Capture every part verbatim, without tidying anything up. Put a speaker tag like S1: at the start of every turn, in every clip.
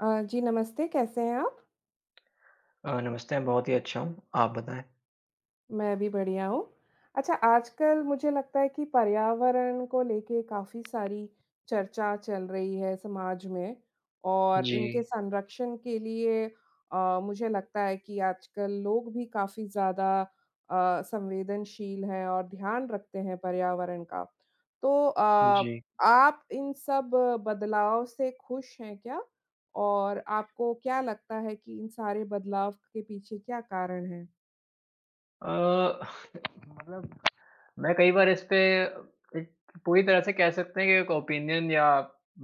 S1: अ, जी नमस्ते, कैसे हैं आप?
S2: अ, नमस्ते। हम बहुत ही अच्छा हूँ। आप बताएँ।
S1: मैं भी बढ़िया हूँ। अच्छा आजकल मुझे लगता है कि पर्यावरण को लेके काफ़ी सारी चर्चा चल रही है समाज में और इनके
S2: जी।
S1: संरक्षण के लिए अ, मुझे लगता है कि आजकल लोग भी काफ़ी ज़्यादा अ, संवेदनशील हैं और ध्यान रखते हैं पर्यावरण का। तो अ,
S2: जी।
S1: आप इन सब बदलाव से खुश हैं क्या? और आपको क्या लगता है कि इन सारे बदलाव के पीछे क्या कारण है?
S2: अ, मतलब मैं कई बार इस पे एक पूरी तरह से कह सकते हैं कि एक ओपिनियन या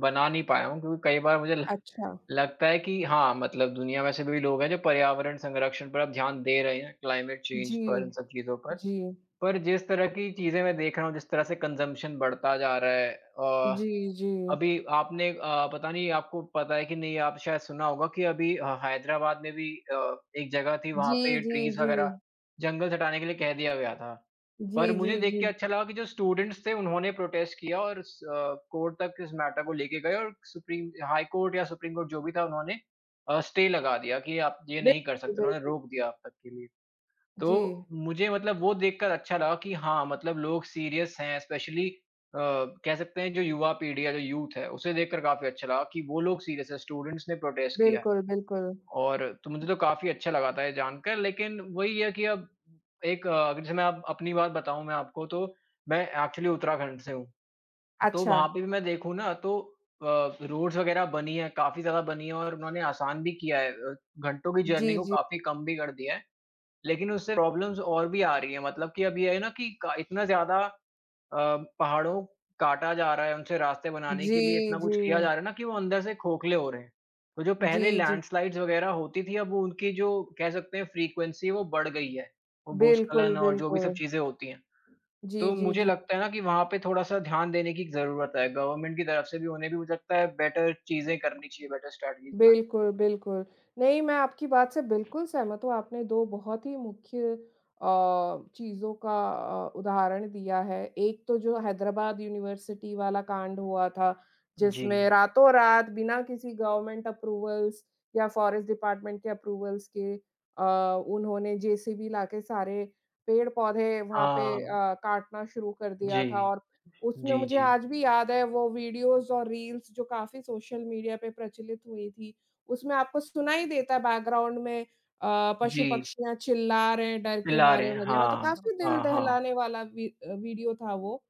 S2: बना नहीं पाया हूँ क्योंकि कई बार मुझे ल
S1: अच्छा!
S2: लगता है कि हाँ, मतलब दुनिया में ऐसे भी लोग हैं जो पर्यावरण संरक्षण पर अब ध्यान दे रहे हैं, क्लाइमेट चेंज
S1: जी,
S2: पर, इन सब चीज़ों पर,
S1: जी।
S2: पर जिस तरह की चीजें मैं देख रहा हूँ, जिस तरह से कंजम्प्शन बढ़ता जा रहा है। अ,
S1: जी, जी।
S2: अभी आपने अ, पता नहीं आपको पता है कि नहीं, आप शायद सुना होगा कि अभी हैदराबाद में भी अ, एक जगह थी वहाँ
S1: जी,
S2: पे
S1: जी,
S2: ट्रीज़ वगैरह,
S1: जी।
S2: जंगल हटाने के लिए कह दिया गया था। पर
S1: जी,
S2: मुझे
S1: जी,
S2: देख के
S1: जी।
S2: अच्छा लगा कि जो स्टूडेंट्स थे उन्होंने प्रोटेस्ट किया और स कोर्ट तक इस मैटर को लेकर गए और सुप्रीम हाई कोर्ट या सुप्रीम कोर्ट जो भी था उन्होंने अ, स्टे लगा दिया कि आप ये नहीं कर सकते, उन्होंने
S1: [unintelligible]
S2: रोक दिया अब तक के लिए।
S1: जी।
S2: तो मुझे मतलब वो देखकर अच्छा लगा कि हाँ, मतलब लोग सीरीअस हैं एस्पेशली अ, कह सकते हैं जो युवा पीढ़ी है, जो यूथ है उसे देखकर काफ़ी अच्छा लगा कि वो लोग सीरीअस हैं स्टूडेंट्स ने प्रोटेस्ट किया है।
S1: बिल्कुल, बिल्कुल।
S2: और तो मुझे तो काफ़ी अच्छा लगा था ये जानकर लेकिन वो ही है कि अब एक अ, जैसे मैं अपनी बात बताऊँ मैं आपको, तो मैं एक्चुअली उत्तराखंड से हूँ, तो वहाँ
S1: अच्छा।
S2: पे भी मैं देखूँ ना, तो अ, रोड्स वगैरह बनी है, काफ़ी ज़्यादा बनी है और उन्होंने आसान भी किया है अ, घंटों की जर्नी
S1: जी,
S2: को
S1: जी।
S2: काफ़ी कम भी कर दिया है, लेकिन उससे प्रॉब्लम्स और भी आ रही है, मतलब कि अभी ये है ना कि क इतना ज़्यादा अ, पहाड़ों काटा जा रहा है, उनसे रास्ते बनाने के लिए
S1: जी,
S2: इतना कुछ किया जा
S1: जी।
S2: रहा है ना कि वो अंदर से खोखले हो रहे हैं। तो जो पहले
S1: जी, जी।
S2: लैंडस्लाइड्स वगैरह होती थी, अब उनकी जो कह सकते हैं फ़्रीक्वेंसी वो बढ़ गई है और
S1: बिल्कुल,
S2: भूस्खलन और जो भी सब
S1: बिल्कुल।
S2: चीज़ें होती हैं।
S1: जी,
S2: तो
S1: जी,
S2: मुझे
S1: जी।
S2: लगता है ना कि वहाँ पे थोड़ा-सा ध्यान देने की जरूरत है, गवर्नमेंट की तरफ से भी उन्हें भी हो सकता है बेटर चीजें करनी चाहिए, बेटर स्ट्रैटेजीज़ बनानी
S1: बिल्कुल, बिल्कुल। नहीं, मैं आपकी बात से बिल्कुल सहमत हूँ। आपने दो बहुत ही मुख्य अ, चीज़ों का अ, उदाहरण दिया है। एक तो जो हैदराबाद यूनिवर्सिटी वाला कांड हुआ था, जिसमें
S2: जी।
S1: रातों-रात बिना किसी गवर्नमेंट अप्रूवल्स या फ़ॉरेस्ट डिपार्टमेंट के अप्रूवल्स के अ, उन्होंने जेसीबी लाके सारे पेड़-पौधे वहाँ पे
S2: हाँ।
S1: अ, काटना शुरू कर दिया
S2: जी।
S1: था और उसमें
S2: जी,
S1: मुझे
S2: जी।
S1: आज भी याद है वो वीडियोज़ और रील्स जो काफ़ी सोशल मीडिया पे प्रचलित हुई थी। उसमें आपको सुनाई देता है बैकग्राउंड में अ,
S2: जी।
S1: पशु-पक्षियाँ चिल्ला रहे हैं डर के
S2: पिला रहे
S1: मारे
S2: हैं।
S1: वगैरह तो
S2: हाँ।
S1: काफ़ी दिल
S2: हाँ, हाँ।
S1: दहलाने वाला वि अ, विडिओ था वो।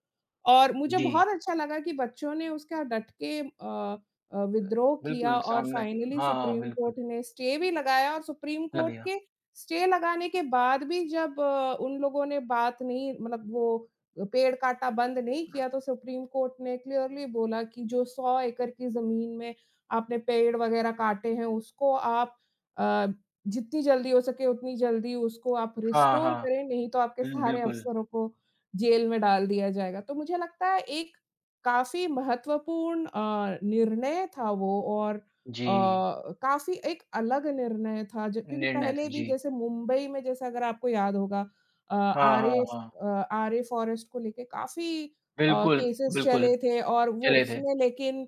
S1: और मुझे बहुत
S2: जी।
S1: अच्छा लगा कि बच्चों ने उसका डट के अ अ, विद्रोह किया
S2: बिल्कुल
S1: और
S2: सामने के
S1: फ़ाइनली
S2: हाँ हाँ,
S1: सुप्रीम
S2: बिल्कुल।
S1: कोर्ट ने स्टे भी लगाया और सुप्रीम कोर्ट
S2: लगेगा।
S1: के स्टे लगाने के बाद भी जब अ, उन लोगों ने बात नहीं मतलब वो पेड़ काटा बंद नहीं किया तो सुप्रीम कोर्ट ने क्लियरली बोला कि जो सौ एकड़ की जमीन में आपने पेड़ वगैरह काटे हैं उसको आप अ, जित्ती जल्दी हो सके उतनी जल्दी उसको आप
S2: हाँ,
S1: रिस्टोर
S2: हाँ।
S1: करें, नहीं तो आपके
S2: हुँ, बिल
S1: सारे
S2: बिल्कुल।
S1: अफसरों को जेल में डाल दिया जाएगा। तो मुझे लगता है एक काफ़ी महत्वपूर्ण अ, निर्णय था वो और अ,
S2: जी।
S1: काफ़ी एक अलग निर्णय था जब क्योंकि
S2: निर्णय
S1: पहले
S2: था।
S1: भी
S2: जी।
S1: जैसे मुंबई में जैसे अगर आपको याद होगा अ,
S2: हाँ, हाँ,
S1: आरे
S2: हाँ।
S1: आरे फ़ॉरेस्ट को लेकर काफ़ी अ,
S2: बिल्कुल,
S1: केसेज़
S2: बिल्कुल।
S1: चले थे और वो
S2: चले थे।
S1: उसमें लेकिन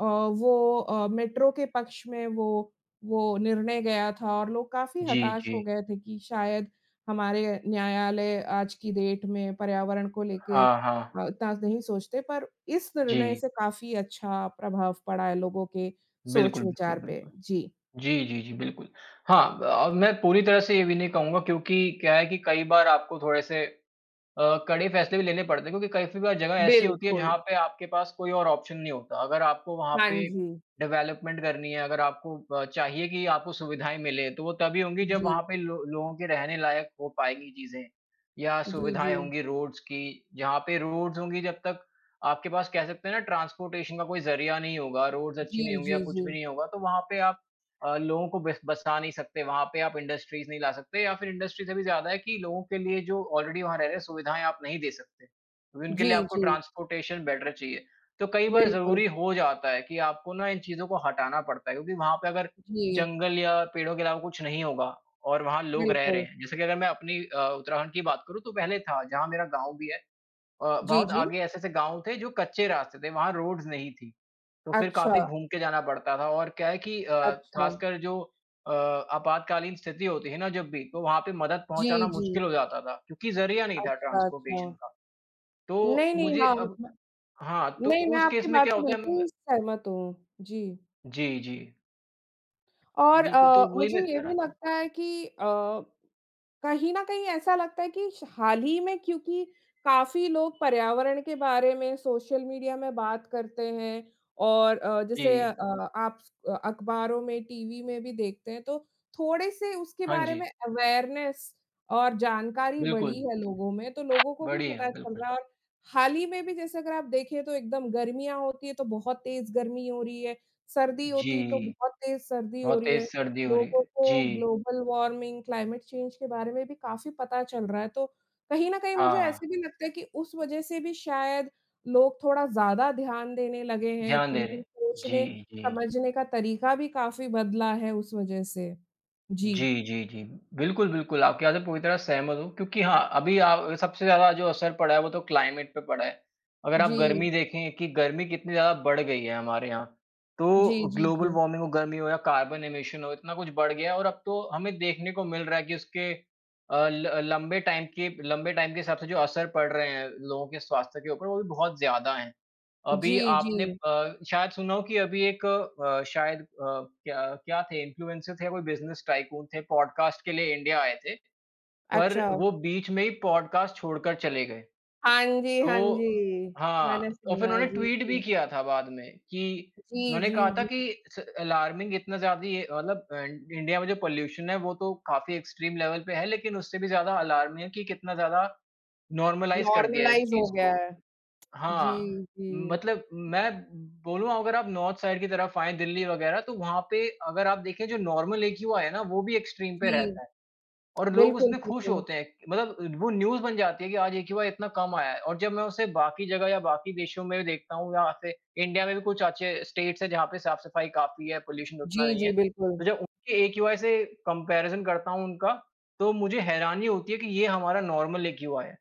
S1: अ, वो अ, मेट्रो के पक्ष में वो वो निर्णय गया था और लोग काफ़ी
S2: जी,
S1: हताश हो
S2: जी।
S1: गए थे कि शायद हमारे न्यायालय आज की डेट में पर्यावरण को लेके
S2: हाँ, हाँ।
S1: अ उतना नहीं सोचते पर इस निर्णय
S2: जी।
S1: से काफ़ी अच्छा प्रभाव पड़ा है लोगों के
S2: बिल्कुल, बिल्कुल,
S1: सोच-विचार पे।
S2: बिल्कुल।
S1: जी।
S2: जी, जी, जी, बिल्कुल। हाँ अ, मैं पूरी तरह से ये भी नहीं कहूँगा क्योंकि क्या है कि कई बार आपको थोड़े से अ, कड़े फैसले भी लेने पड़ते हैं क्योंकि कई-कई बार जगह ऐसी होती है
S1: बिल्कुल।
S2: जहाँ पे आपके पास कोई और ऑप्शन नहीं होता, अगर आपको वहाँ
S1: हाँ
S2: पे
S1: जी।
S2: डेवलपमेंट करनी है, अगर आपको अ, चाहिए कि आपको सुविधाएँ मिले, तो वो तभी होंगी जब
S1: जी।
S2: वहाँ पे लो लोगों के रहने लायक हो पाएँगी चीज़ें। या
S1: जी,
S2: सुविधाएँ
S1: जी।
S2: होंगी रोड्स की, जहाँ पे रोड्स होंगी जब तक आपके पास कह सकते हैं ना ट्रांसपोर्टेशन का कोई जरिया नहीं होगा, रोड्स अच्छी नहीं
S1: जी,
S2: होंगी या
S1: जी,
S2: कुछ भी
S1: जी।
S2: नहीं होगा तो वहाँ पे आप अ, लोगों को बस बसा नहीं सकते, वहाँ पे आप इंडस्ट्रीज़ नहीं ला सकते। या फिर इंडस्ट्री से भी ज़्यादा है कि लोगों के लिए जो ऑलरेडी वहाँ रह रहे हैं, सुविधाएँ आप नहीं दे सकते। क्योंकि उनके लिए
S1: जी,
S2: आपको
S1: जी।
S2: ट्रांसपोर्टेशन बेटर चाहिए। तो कई बार
S1: बिल्कुल।
S2: ज़रूरी हो जाता है कि आपको ना इन चीज़ों को हटाना पड़ता है क्योंकि वहाँ पे अगर
S1: जी।
S2: जंगल या पेड़ों के अलावा कुछ नहीं होगा और वहाँ लोग रह रहे
S1: बिल्कुल।
S2: हैं। जैसे कि अगर मैं अपनी अ, उत्तराखंड की बात करूँ तो पहले था जहाँ मेरा गाँव भी है अ,
S1: जी,
S2: बहुत
S1: जी।
S2: आगे ऐसे-ऐसे गाँव थे जो कच्चे रास्ते थे, वहाँ रोड्स नहीं थी। तो फिर
S1: अच्छा।
S2: काफ़ी घूम के जाना पड़ता था। और क्या है कि अ,
S1: अच्छा।
S2: खासकर जो अ, आपातकालीन स्थिति होती है ना जब भी तो वहाँ पे मदद पहुँचाना
S1: जी, जी।
S2: मुश्किल हो जाता था, क्योंकि जरिया नहीं था
S1: अच्छा,
S2: ट्रांसपोर्टेशन
S1: अच्छा।
S2: का। तो
S1: नहीं, नहीं,
S2: मुझे
S1: हाँ
S2: अब हाँ, तो
S1: नहीं, मैं
S2: उस
S1: आपकी
S2: केस में
S1: बात
S2: क्या
S1: से
S2: होता है म मैं
S1: बिल्कुल सहमत हूँ। जी।
S2: जी, जी।
S1: और
S2: बिल्कुल,
S1: अ,
S2: तो वो ही
S1: मुझे
S2: मैं
S1: ये
S2: कह रहा
S1: भी
S2: था।
S1: लगता है कि अ, कहीं न कहीं ऐसा लगता है कि श हाल ही में क्योंकि काफ़ी लोग पर्यावरण के बारे में सोशल मीडिया में बात करते हैं और अ, जैसे अ,
S2: जी।
S1: आप स अखबारों में, टीवी में भी देखते हैं तो थोड़े से उसके
S2: हाँ,
S1: बारे
S2: जी।
S1: में अवेयरनेस और जानकारी बढ़ी
S2: बिल्कुल।
S1: है लोगों में तो लोगों को भी
S2: बड़ी है,
S1: पता चल
S2: बिल्कुल।
S1: रहा है और हाल ही में भी, जैसे अगर आप देखें, तो एकदम गर्मियाँ होती है, तो बहुत तेज गर्मी हो रही है। सर्दी होती तो
S2: जी।
S1: बहुत तेज सर्दी हो
S2: बहुत
S1: रही
S2: तेज
S1: है,
S2: सर्दी हो रही
S1: लोगों
S2: है।
S1: को
S2: जी।
S1: ग्लोबल वार्मिंग, क्लाइमेट चेंज के बारे में भी काफ़ी पता चल रहा है तो, कहीं न कहीं मुझे
S2: हाँ।
S1: ऐसे भी लगता है कि उस वजह से भी शायद लोग थोड़ा ज़्यादा ध्यान देने लगे हैं।
S2: ध्यान दे
S1: उनके
S2: रहे।
S1: सोचने,
S2: जी, जी।
S1: समझने का तरीका भी काफ़ी बदला है उस वजह से। जी।
S2: जी, जी, जी। बिल्कुल, बिल्कुल, आपकी बात से पूरी तरह सहमत हूँ। क्योंकि हाँ, अभी अ, सबसे ज़्यादा जो असर पड़ा है वो तो क्लाइमेट पे पड़ा है। अगर आप
S1: जी।
S2: गर्मी देखें कि गर्मी कितनी ज़्यादा बढ़ गई है हमारे यहाँ,
S1: जी,
S2: तो
S1: जी,
S2: ग्लोबल
S1: जी।
S2: वार्मिंग हो, गर्मी हो या कार्बन एमिशन हो, इतना कुछ बढ़ गया है और अब तो हमें देखने को मिल रहा है कि उसके अ, ल लंबे टाइम के लंबे टाइम के हिसाब से जो असर पड़ रहे हैं लोगों के स्वास्थ्य के ऊपर, वो भी बहुत ज़्यादा हैं। अभी
S1: जी,
S2: आपने
S1: जी।
S2: अ, शायद सुना हो कि अभी एक अ, शायद अ, क्या क्या थे इन्फ्लुएंसर थे, कोई बिज़नेस टायकून थे पॉडकास्ट के लिए इंडिया आए थे, पर
S1: अच्छा।
S2: वो बीच में ही पॉडकास्ट छोड़कर चले गए।
S1: हाँ जी,
S2: तो
S1: हाँ जी,
S2: हाँ,
S1: मैंने
S2: और फिर
S1: सुना।
S2: उन्होंने
S1: जी,
S2: ट्वीट भी
S1: जी।
S2: किया था बाद में कि,
S1: जी,
S2: उन्होंने कहा
S1: जी,
S2: था
S1: जी।
S2: कि स अलार्मिंग इतना ज़्यादा ही मतलब अ, इंडिया में जो पॉल्यूशन है वो तो काफ़ी एक्सट्रीम लेवल पे है, लेकिन उससे भी ज़्यादा अलार्मिंग है कि कितना ज़्यादा नॉर्मलाइज़ कर दिया है इस
S1: नॉर्मलाइज़ हो
S2: चीज़
S1: गया
S2: को
S1: है।
S2: हाँ,
S1: जी, जी।
S2: मतलब मैं, बोलूँगा अगर आप नॉर्थ साइड की तरफ आएँ, दिल्ली वगैरह तो वहाँ पे अगर आप देखें जो नॉर्मल एक्यूआई है ना वो भी एक्सट्रीम पे
S1: जी।
S2: रहता है। और लोग
S1: बिल्कुल,
S2: उसमें खुश
S1: बिल्कुल।
S2: होते हैं। मतलब वो न्यूज बन जाती है कि आज एक्यूआई इतना कम आया है। और जब मैं उसे बाकी जगह या बाकी देशों में भी देखता हूँ या फिर इंडिया में भी कुछ अच्छे स्टेट्स हैं जहाँ पे साफ-सफाई काफ़ी है, पॉल्यूशन उतना
S1: जी,
S2: नहीं है,
S1: जी, बिल्कुल।
S2: तो जब उनके एक्यूआई से कम्पैरिजन करता हूँ उनका, तो मुझे हैरानी होती है कि ये हमारा नॉर्मल एक्यूआई है।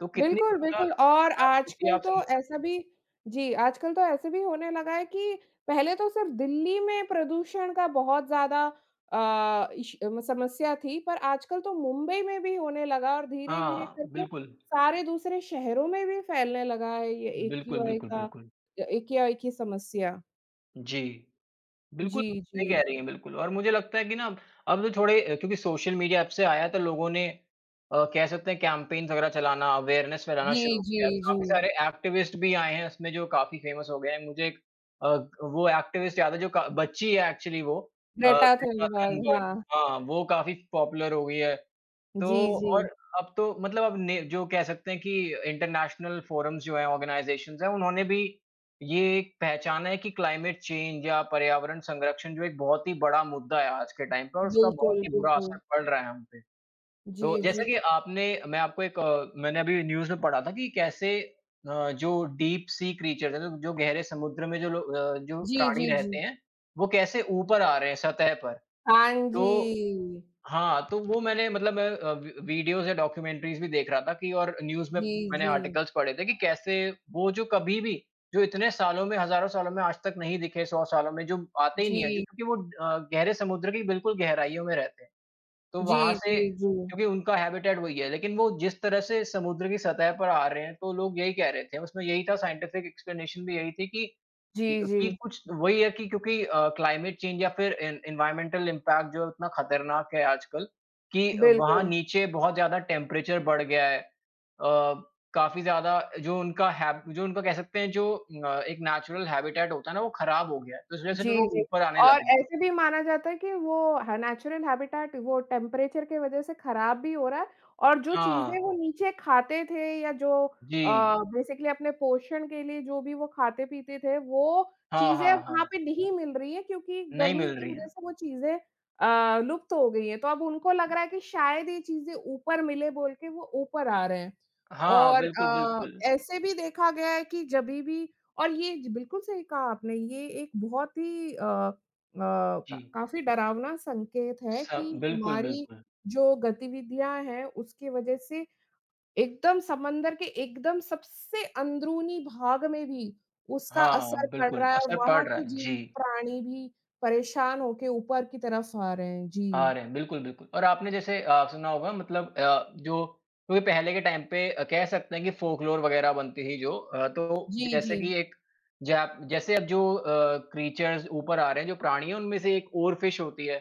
S2: तो कितनी
S1: बिल्कुल,
S2: ज़्यादा
S1: बिल्कुल और
S2: खराब स्थिति है
S1: आजकल
S2: आप
S1: तो
S2: समझ सकते
S1: ऐसा
S2: हो।
S1: भी जी आजकल तो ऐसा भी होने लगा है कि, पहले तो सिर्फ दिल्ली में प्रदूषण का बहुत ज़्यादा अ, इश समस्या थी पर आजकल तो मुंबई में भी होने लगा और धीरे-धीरे
S2: हाँ,
S1: करके,
S2: बिल्कुल।
S1: सारे दूसरे शहरों में भी फैलने लगा है ये
S2: बिल्कुल,
S1: एक्यूआई
S2: बिल्कुल,
S1: का
S2: बिल्कुल।
S1: एक्यूआई की समस्या।
S2: जी। बिल्कुल,
S1: जी,
S2: सही कह
S1: जी।
S2: रही हैं बिल्कुल और मुझे लगता है कि ना अब, अब जो थोड़े अ, क्योंकि सोशल मीडिया ऐप से आया तो लोगों ने अ, कह सकते हैं कैम्पेन्स वगैरह चलाना, अवेयरनेस फैलाना
S1: जी,
S2: शुरू किया,
S1: जी,
S2: काफ़ी
S1: जी।
S2: सारे एक्टिविस्ट भी आए हैं इसमें जो काफ़ी फेमस हो गए हैं। मुझे एक अ, वो एक्टिविस्ट याद है जो क बच्ची है एक्चुअली वो। अ,
S1: ग्रेटा
S2: ग्रेटा
S1: थनबर्ग,
S2: थनबर्ग
S1: हाँ।
S2: हाँ, वो काफ़ी पॉपुलर हो गई है। तो
S1: जी,
S2: और
S1: जी।
S2: अब तो मतलब अब ने जो कह सकते हैं कि इंटरनेशनल फ़ोरम्स जो हैं, ऑर्गनाइज़ेशन्स हैं उन्होंने भी, ये एक पहचाना है कि क्लाइमेट चेंज या पर्यावरण संरक्षण जो एक बहुत ही बड़ा मुद्दा है आज के टाइम पे और उसका बहुत
S1: बिल्कुल,
S2: ही बुरा असर
S1: बिल्कुल।
S2: पड़ रहा है हम पे। तो
S1: जी,
S2: जैसे
S1: जी।
S2: कि आपने मैं आपको एक अ, मैंने अभी न्यूज़ में पढ़ा था कि कैसे अ, जो डीप सी क्रीचर्स हैं जो जो गहरे समुद्र में जो लो अ, जो
S1: जी,
S2: प्राणी
S1: जी,
S2: रहते
S1: जी।
S2: हैं, वो कैसे ऊपर आ रहे हैं सतह पर।
S1: हाँ
S2: तो
S1: जी।
S2: हाँ, तो वो मैंने मतलब मैं अ, वी वीडियोज़ या डॉक्युमेंट्रीज़ भी देख रहा था कि और न्यूज़ में,
S1: जी,
S2: मैंने
S1: जी।
S2: आर्टिकल्स पढ़े थे कि कैसे वो जो कभी भी, जो इतने सालों में, हजारों सालों में आज तक नहीं दिखे सौ सालों में जो आते ही नहीं हैं जो
S1: जी।
S2: कि वो अ, गहरे समुद्र की बिल्कुल गहराइयों में रहते हैं। तो वहाँ
S1: जी,
S2: से
S1: जी, जी।
S2: क्योंकि उनका हैबिटैट वही है। लेकिन वो जिस तरह से समुद्र की सतह पर आ रहे हैं तो लोग यही कह रहे थे, उसमें यही था साइंटिफ़िक एक्सप्लनेशन भी यही थी कि,
S1: जी,
S2: कि अ,
S1: जी।
S2: कुछ वही है कि क्योंकि अ, क्लाइमेट चेंज या फिर एन एनवायर्नमेंटल इम्पैक्ट जो है उतना खतरनाक है आजकल कि वहाँ
S1: बिल्कुल।
S2: नीचे बहुत ज़्यादा टेम्परेचर बढ़ गया है। अ, काफ़ी ज़्यादा जो उनका हैब जो उनका कह सकते हैं जो अ, एक नैचरल हैबिटैट होता है ना वो खराब हो गया है। तो इस वजह से जो
S1: जी,
S2: वो
S1: जी।
S2: ऊपर आने
S1: और
S2: लगे हैं।
S1: ऐसे भी माना जाता है कि वो ह नैचुरल हैबिटैट वो टेम्परेचर के वजह से खराब भी हो रहा है और जो
S2: हाँ।
S1: चीज़ें वो नीचे खाते थे या जो अ,
S2: जी।
S1: बेसिकली अपने पोषण के लिए जो भी वो खाते-पीते थे वो
S2: हाँ,
S1: चीज़ें
S2: हाँ,
S1: अब वहाँ
S2: हाँ।
S1: पे नहीं मिल रही है क्योंकि
S2: नहीं
S1: गर्मी
S2: मिल
S1: की
S2: रही
S1: वजह
S2: हैं।
S1: से वो चीज़ें अ, लुप्त हो गई हैं, तो अब उनको लग रहा है कि शायद ये चीज़ें ऊपर मिले बोल के वो ऊपर आ रहे हैं।
S2: हाँ,
S1: और
S2: बिल्कुल,
S1: अ,
S2: बिल्कुल।
S1: ऐसे भी देखा गया है कि जभी भी और ये जी बिल्कुल सही कहा आपने। ये एक बहुत ही अ, अ, क
S2: जी।
S1: काफ़ी डरावना संकेत है
S2: स
S1: कि
S2: बिल्कुल,
S1: हमारी
S2: बिल्कुल।
S1: जो गतिविधियाँ हैं उसके वजह से, एकदम समंदर के एकदम सबसे अंदरूनी भाग में भी उसका
S2: हाँ, हाँ,
S1: असर पड़
S2: बिल्कुल,
S1: रहा है और
S2: असर पड़
S1: वहाँ
S2: रहा
S1: के
S2: है। जी।
S1: जीव-प्राणी भी परेशान हो के ऊपर की तरफ़ आ रहे हैं।
S2: आ
S1: जी।
S2: रहे हैं, बिल्कुल, बिल्कुल। और आपने जैसे अ, सुना होगा मतलब अ, जो क्योंकि पहले के टाइम पे अ, कह सकते हैं कि फ़ोकलोर वगैरह बनती थी जो अ, तो
S1: जी,
S2: जैसे
S1: जी।
S2: कि एक जैप जैसे अब जो अ, क्रीचर्स ऊपर आ रहे हैं, जो प्राणी हैं उनमें से एक ओरफ़िश होती है।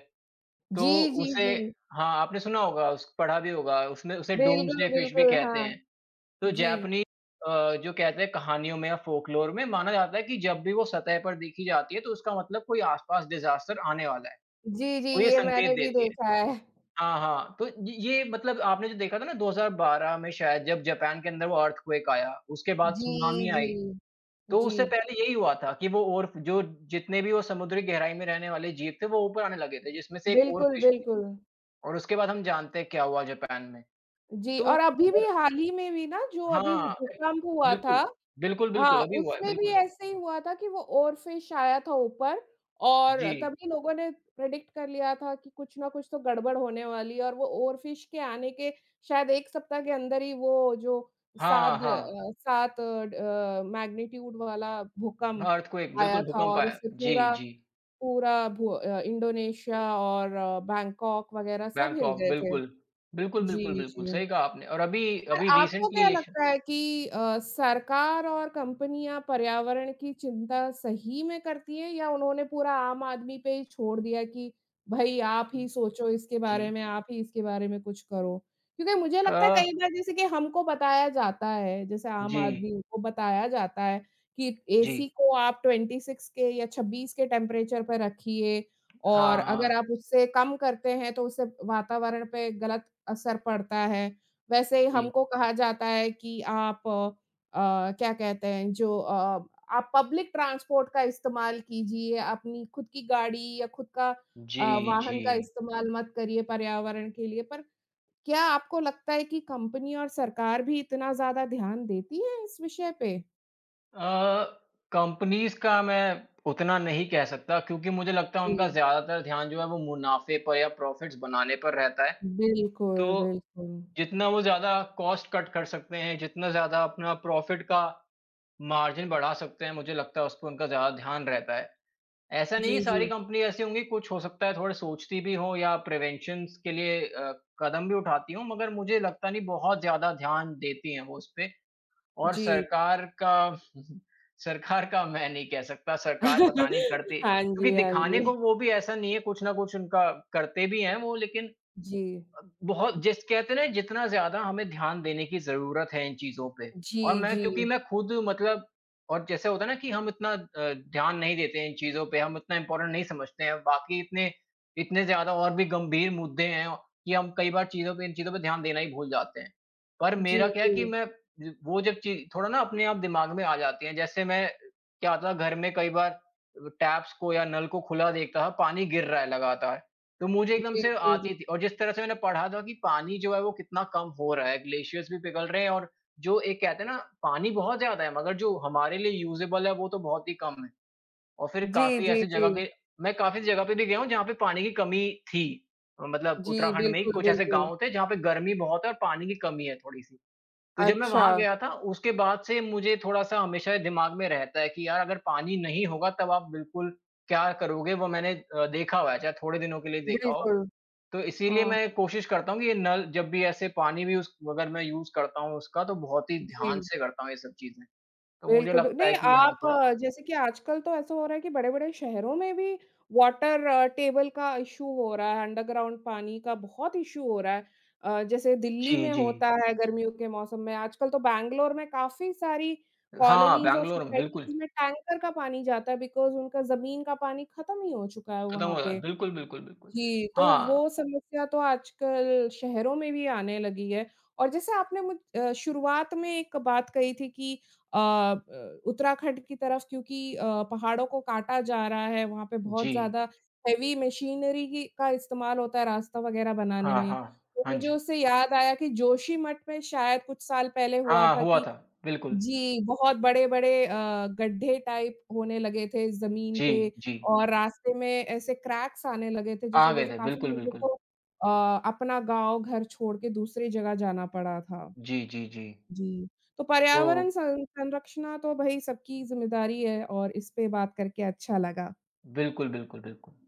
S2: तो
S1: जी, जी,
S2: उसे
S1: जी।
S2: हाँ, आपने सुना होगा, उस पढ़ा भी होगा। उसने उसे
S1: बिल्कुल,
S2: डूम्सडे फ़िश भी
S1: बिल्कुल,
S2: कहते
S1: हाँ।
S2: हैं। तो
S1: जी।
S2: जैपनी अ, जो कहते हैं कहानियों में या फ़ोकलोर में माना जाता है कि जब भी वो सतह पर देखी जाती है तो उसका मतलब कोई आस-पास डिज़ास्टर आने वाला है।
S1: जी, जी,
S2: वो ये
S1: ये
S2: संकेत
S1: मैंने भी
S2: देती है।
S1: देखा है।
S2: हाँ, हाँ, तो य ये मतलब आपने जो देखा था ना दो हज़ार बारह में शायद जब जापान के अंदर वो अर्थक्वेक आया, उसके बाद
S1: जी,
S2: सुनामी आई।
S1: जी।
S2: तो उससे
S1: जी।
S2: पहले यही हुआ था कि वो ओर जो जितने भी वो समुद्री गहराई में रहने वाले जीव थे वो ऊपर आने लगे थे जिसमें से एक
S1: बिल्कुल,
S2: ओरफ़िश भी
S1: बिल्कुल।
S2: थी और उसके बाद हम जानते हैं क्या हुआ जापान में।
S1: जी
S2: तो
S1: और अभी भी
S2: और
S1: हाल ही में भी ना,
S2: हाँ,
S1: जो अभी वो
S2: [unintelligible]
S1: भूकंप हुआ था।
S2: बिल्कुल। बिल्कुल,
S1: हाँ,
S2: बिल्कुल, अभी हुआ है,
S1: उसमें भी
S2: बिल्कुल।
S1: ऐसे ही हुआ था कि वो ओरफ़िश आया था ऊपर और
S2: जी।
S1: तभी लोगों ने प्रेडिक्ट कर लिया था कि कुछ ना कुछ तो गड़बड़ होने वाली है और वो ओरफ़िश के आने के शायद एक सप्ताह के अंदर ही वो जो
S2: हाँ,
S1: साद
S2: हाँ।
S1: अ, सात ड मैग्नीट्यूड वाला भूकंप
S2: अर्थक्वेक,
S1: आया
S2: बिल्कुल
S1: था
S2: भूकंप
S1: और
S2: आया।
S1: उससे
S2: जी,
S1: पूरा,
S2: जी।
S1: पूरा भू अ, इंडोनेशिया और बैंकॉक वगैरह सब हिल
S2: बैंकॉक
S1: गए थे।
S2: बिल्कुल। बिल्कुल, बिल्कुल,
S1: जी,
S2: बिल्कुल,
S1: जी।
S2: सही कहा आपने और अभी,
S1: और
S2: अभी
S1: आपको क्या
S2: रिसेंटली एशन
S1: लगता है कि अ, सरकार और कंपनियाँ पर्यावरण की चिंता सही में करती हैं या उन्होंने पूरा आम आदमी पे ही छोड़ दिया कि भाई आप ही सोचो इसके बारे
S2: जी।
S1: में, आप ही इसके बारे में कुछ करो? क्योंकि मुझे लगता है
S2: अ
S1: कई बार जैसे कि हमको बताया जाता है, जैसे आम
S2: जी।
S1: आदमियों को बताया जाता है कि
S2: जी।
S1: एसी को आप ट्वेंटी सिक्स के या छब्बीस के टेम्परेचर पे रखिए और
S2: हाँ, हाँ।
S1: अगर आप उससे कम करते हैं तो उससे अ, वातावरण पे गलत असर पड़ता है। वैसे ही
S2: जी।
S1: हमको कहा जाता है कि आप अ, क्या कहते हैं जो अ अ, आप पब्लिक ट्रांसपोर्ट का इस्तेमाल कीजिए, अपनी खुद की गाड़ी या खुद का अ,
S2: जी,
S1: वाहन का
S2: जी।
S1: इस्तेमाल मत करिए पर्यावरण के लिए। पर क्या आपको लगता है कि कंपनी और सरकार भी इतना ज़्यादा ध्यान देती है इस विषय पे?
S2: अ, कॉम्पनीज़ का मैं उतना नहीं कह सकता क्योंकि मुझे लगता है उनका
S1: हुँ।
S2: ज़्यादातर ध्यान जो है वो मुनाफ़े पर या प्रॉफिट्स बनाने पर रहता है। तो
S1: बिल्कुल, बिल्कुल।
S2: जितना वो ज़्यादा कॉस्ट कट कर सकते हैं, जितना ज़्यादा अपना प्रॉफिट का मार्जिन बढ़ा सकते हैं, मुझे लगता है उस पर उनका ज़्यादा ध्यान रहता है। ऐसा नहीं कि
S1: जी,
S2: सारी
S1: जी।
S2: कंपनी ऐसी होंगी कुछ हो सकता है थोड़े सोचती भी हों या प्रिवेंशन्सज़ के लिए अ, कदम भी उठाती हों। मगर मुझे लगता नहीं बहुत ज़्यादा ध्यान देती हैं वो उस पे। और
S1: जी।
S2: सरकार का सरकार का मैं नहीं कह सकता, सरकार पता नहीं करती
S1: हाँ
S2: क्योंकि
S1: जी, हाँ
S2: दिखाने को
S1: जी।
S2: वो भी ऐसा नहीं है कुछ ना कुछ उनका करते भी हैं वो लेकिन
S1: जी।
S2: अ, बहुत जिस कहते हैं ना जितना ज़्यादा हमें ध्यान देने की ज़रूरत है इन चीज़ों पे और
S1: जी,
S2: मैं क्योंकि
S1: जी।
S2: मैं खुद मतलब और जैसे होता है ना कि हम इतना अ, ध्यान नहीं देते इन चीज़ों पे हम इतना इम्पॉर्टन्ट नहीं समझते हैं बाकी इतने इतने ज़्यादा और भी गंभीर मुद्दे हैं औ कि हम कई बार चीज़ों पे इन चीज़ों पे ध्यान देना ही भूल जाते हैं। पर
S1: जी,
S2: मेरा क्या है कि
S1: जी।
S2: मैं वो जब ची थोड़ा ना अपने आप दिमाग में आ जाती है। जैसे मैं क्या होता घर में कई बार टेप्स को या नल को खुला देखता था पानी गिर रहा है लगातार। तो मुझे एकदम
S1: जी,
S2: से
S1: जी, जी।
S2: आती थी और जिस तरह से मैंने पढ़ा था कि पानी जो है वो कितना कम हो रहा है। ग्लेशियरज़ भी पिघल रहे हैं और जो एक कहते हैं ना पानी बहुत ज़्यादा है मगर जो हमारे लिए यूज़ेबल है वो तो बहुत ही कम है। और फिर
S1: जी,
S2: काफ़ी
S1: जी,
S2: ऐसी जगह
S1: जी।
S2: के मैं काफ़ी ऐसी जगह पे भी गया हूँ जहाँ पे पानी की कमी थी। अ, मतलब
S1: जी,
S2: उत्तराखंड में ही
S1: बिल्कुल,
S2: कुछ ऐसे
S1: बिल्कुल।
S2: गाँव थे जहाँ पे गर्मी बहुत है और पानी की कमी है थोड़ी-सी। तो जब मैं वहाँ
S1: अच्छा।
S2: गया था उसके बाद से मुझे थोड़ा-सा हमेशा दिमाग में रहता है कि यार अगर पानी नहीं होगा तब आप बिल्कुल क्या करोगे? वो मैंने अ, देखा हुआ है, चाहे थोड़े दिनों के लिए देखा हो।
S1: बिल्कुल,
S2: तो इसीलिए
S1: हाँ।
S2: मैं कोशिश करता हूँ कि ये नल जब भी ऐसे पानी भी यूज़ अगर मैं यूज़ करता हूँ उसका तो बहुत ही ध्यान
S1: जी।
S2: से करता हूँ ये सब चीजें। तो मुझे
S1: बिल्कुल, बि
S2: लगता
S1: नहीं
S2: है कि हाँ
S1: आप
S2: थोड़ा
S1: जैसे कि आजकल तो ऐसा हो रहा है कि बड़े-बड़े शहरों में भी वाटर टेबल का इशू हो रहा है, अन्डरग्राउन्ड पानी का बहुत इशू हो रहा है। अ, जैसे दिल्ली
S2: जी,
S1: में
S2: जी।
S1: होता है गर्मियों के मौसम में। आजकल तो बैंगलोर में काफ़ी सारी
S2: हाँ,
S1: कोलोनीज़ और
S2: बैंगलोर में बिल्कुल।
S1: सोसायटीज़ में टैंकर का पानी जाता है बिकॉज़ उनका ज़मीन का पानी खत्म ही हो चुका है
S2: खत्म हो
S1: वहाँ
S2: गया।
S1: पे।
S2: बिल्कुल, बिल्कुल, बिल्कुल।
S1: जी, तो
S2: हाँ।
S1: वो समस्या तो आजकल शहरों में भी आने लगी है और जैसे आपने मुझ अ, शुरुआत में एक बात कही थी कि अ अ, उत्तराखंड की तरफ़ क्योंकि अ, पहाड़ों को काटा जा रहा है, वहाँ पे बहुत
S2: जी।
S1: ज़्यादा हेवी मशीनरी ही का इस्तेमाल होता है रास्ता वगैरह बनाने
S2: हाँ,
S1: में।
S2: हाँ।
S1: तो
S2: हाँ
S1: मुझे
S2: जी।
S1: उससे याद आया कि जोशी मठ में शायद कुछ साल पहले हुआ
S2: हाँ,
S1: था
S2: हुआ
S1: कि
S2: था बिल्कुल।
S1: जी, बहुत बड़े-बड़े अ, गड्ढे टाइप होने लगे थे जमीन पे
S2: जी, जी।
S1: और रास्ते में ऐसे क्रैक्स आने लगे थे जिस
S2: आ
S1: वजह
S2: गए
S1: से
S2: थे
S1: काफ़ी
S2: बिल्कुल,
S1: लोगों को
S2: बिल्कुल।
S1: अ अपना गांव, घर छोड़ के दूसरी जगह जाना पड़ा था।
S2: जी, जी, जी।
S1: जी, तो
S2: तो
S1: पर्यावरण स संरक्षणा तो भाई सबकी ज़िम्मेदारी है और इस पे बात करके अच्छा लगा।
S2: बिल्कुल, बिल्कुल, बिल्कुल।